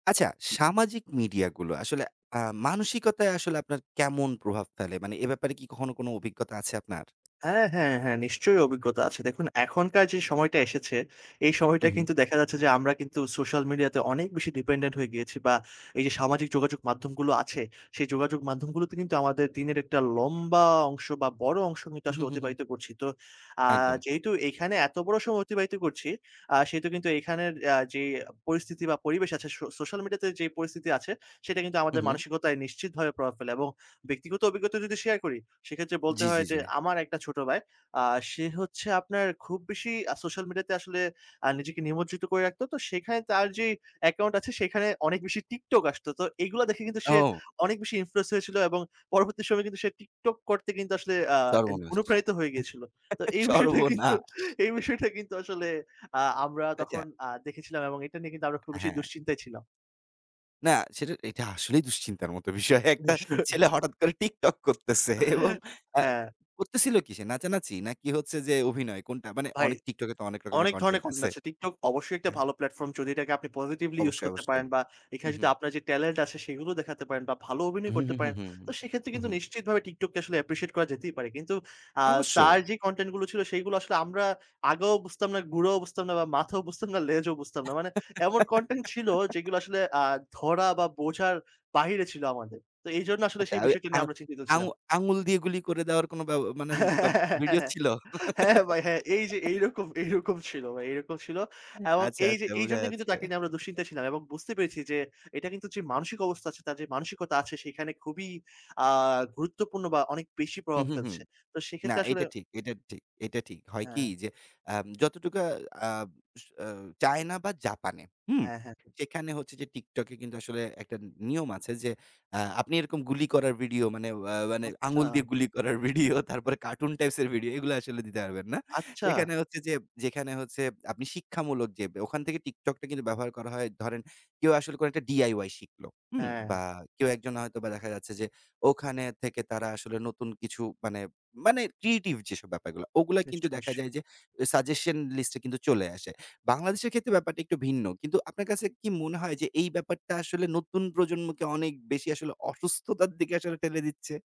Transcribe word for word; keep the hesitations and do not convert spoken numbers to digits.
আচ্ছা সামাজিক মিডিয়া গুলো আসলে আম মানসিকতায় আসলে আপনার কেমন প্রভাব ফেলে? মানে এ ব্যাপারে কি কখনো কোনো অভিজ্ঞতা আছে আপনার? হ্যাঁ, হ্যাঁ, হ্যাঁ নিশ্চয়ই অভিজ্ঞতা আছে। দেখুন এখনকার যেই সময়টা এসেছে, এই সময়টা হু, হু। কিন্তু দেখা যাচ্ছে যে আমরা কিন্তু সোশ্যাল মিডিয়াতে অনেক বেশি dependent হয়ে গিয়েছি। বা এই যে সামাজিক যোগাযোগ মাধ্যম গুলো আছে, সেই যোগাযোগ মাধ্যম গুলোতে কিন্তু আমাদের দিনের একটা লম্বা অংশ বা বড় অংশ কিন্তু উহু, আসলে হু, হু। অতিবাহিত করছি। তো আ একদম। যেহেতু এখানে এত বড় সময় অতিবাহিত করছি, আ সেহেতু কিন্তু এইখানের অ্যা যেই পরিস্থিতি বা পরিবেশ আছে সো সোশ্যাল মিডিয়া তে যেই পরিস্থিতি আছে, সেটা কিন্তু হু, আমাদের হু। মানসিকতায় নিশ্চিতভাবে প্রভাব ফেলে। এবং ব্যক্তিগত অবিজ্ঞতা যদি শেয়ার করি সেক্ষেত্রে বলতে জি, হয় জি, যে জি। আমার একটা ছোট বায়। আ সে হচ্ছে আপনার খুব বেশি আ সোশ্যাল মিডিয়া তে আসলে আ নিজেকে নিমজ্জিত করে রাখত। তো সেখানে তার যেই অ্যাকাউন্ট আছে সেইখানে অনেক বেশি TikTok আসতো। তো এইগুলা দেখে কিন্তু সে ও! অনেক বেশি influence হয়েছিল এবং পরবর্তী সময়ে কিন্তু সে TikTok করতে কিন্তু আসলে আ এন সর্বনাশ! অনুপ্রাণিত হয়ে গিয়েছিল। তো এই বিষয়টা কিন্তু, সর্বনাশ! এই বিষয়টা কিন্তু আসলে আ আমরা আচ্চা। তখন আ দেখেছিলাম এবং এটা নিয়ে কিন্তু আমরা খুব হ্যাঁ, বেশি হ্যাঁ। দুশ্চিন্তায় ছিলাম। না সেটা এটা আসলেই দুশ্চিন্তার মত বিষয়। একটা নিশ্চয়ই। ছেলে হঠাৎ করে TikTok করতেছে এবং অ্যা হ্যাঁ। করতেছিল কী সে? নাচানাচি? নাকি হচ্ছে যে অভিনয়? কোনটা? মানে ভাই অনেক TikTok এ তো অনেক রকমের অনেক ধরনের content content আছে। আছে। TikTok অবশ্যই একটা হ্যাঁ। ভালো প্লাটফর্ম যদি এটাকে আপনি positively ইউস অবশ্যই, করতে পারেন অবশ্যই। বা এখানে উহু। যদি আপনার যে talent আছে সেইগুলো দেখাতে পারেন বা ভালো অভিনয় উহু, করতে হু, হু, পারেন। হু, তো সেক্ষেত্রে হু, কিন্তু হু। নিশ্চিতভাবে TikTok কে আসলে appreciate করা যেতেই পারে। কিন্তু আ অবশ্যই। তার যেই content গুলো ছিল সেইগুলো আসলে আমরা আগাও বুঝতাম না, গুঁড়াও বুঝতাম না বা মাথাও বুঝতাম না, লেজও বুঝতাম না। মানে এমন content ছিল যেগুলা আসলে আ ধরা বা বোঝার বাহিরে ছিল আমাদের। তো এইজন্য আসলে আচ্চা সেই ওই বিষয়টা আ নিয়ে আমরা চিন্তিত আং ছিলাম। আঙ্গুল দিয়ে গুলি করে দেওয়ার কোনো ব্যাও মানে হ্যাঁ, ব্যা হ্যাঁ, ভিডিও হ্যাঁ, ছিলো? হ্যাঁ বাই হ্যাঁ, এই যে এইরকম, এইরকম ছিলো ভাই এরকম ছিল। অ্যা এবং আচ্ছা, এই যে আচ্ছা এই বোঝা জন্যেই কিন্তু যাচ্ছে। তাকে নিয়ে আমরা দুঃশ্চিন্তায় ছিলাম এবং বুঝতে পেরেছি যে এটা কিন্তু যে মানসিক অবস্থা আছে তার যে মানসিকতা আছে, সেইখানে খুবই আ গুরুত্বপূর্ণ বা অনেক বেশি হু, প্রভাব হু, হু। ফেলছে। তো না সেক্ষেত্রে আসলে এটা ঠিক, এটা ঠিক, এটা ঠিক। হয় কি হ্যাঁ। যে অ্যাম যতটুকু আ আম স আ চায়না বা জাপানে, হুম? হ্যাঁ, হ্যাঁ। সেখানে হচ্ছে যে TikTok এ কিন্তু আসলে একটা নি নিয়ম আছে যে অ্যা আপনি এরকম গুলি করার ভিডিও মানে ওয়া মানে আচ্ছা। আঙ্গুল দিয়ে গুলি করার ভিডিও, তারপরে কার্টুন টাইপস এর ভিডিও এগুলো আসলে দিতে পারবেন না। আচ্চা। সেখানে হচ্ছে যে যেখানে হচ্ছে আপনি শিক্ষামূলক যে ব্যা ওখান থেকে TikTok টা ব্যবহার করা হয়, ধরেন কেউ আসলে কোন একটা DIY শিখলো, হুম? বা হ্যাঁ। কেউ একজন হয়তোবা দেখা যাচ্ছে যে ওখানে থেকে তারা আসলে নতুন কিছু মানে, মানে creative যেসব ব্যাপারগুলা। ওগুলা কিন্তু নিশ্চয়ই, দেখা নিশ্চয়ই। যায় যে অ্যা সাজেশন লিস্ট এ কিন্তু চলে আসে। বাংলাদেশের ক্ষেত্রে ব্যাপারটা একটু ভিন্ন। কিন্তু আপনার কাছে কি মনে হয়, যে এই ব্যাপারটা আসলে নতুন প্রজন্মকে অনেক বেশি আসলে অসুস্থতার দিকে আসলে ঠেলে দিচ্চে?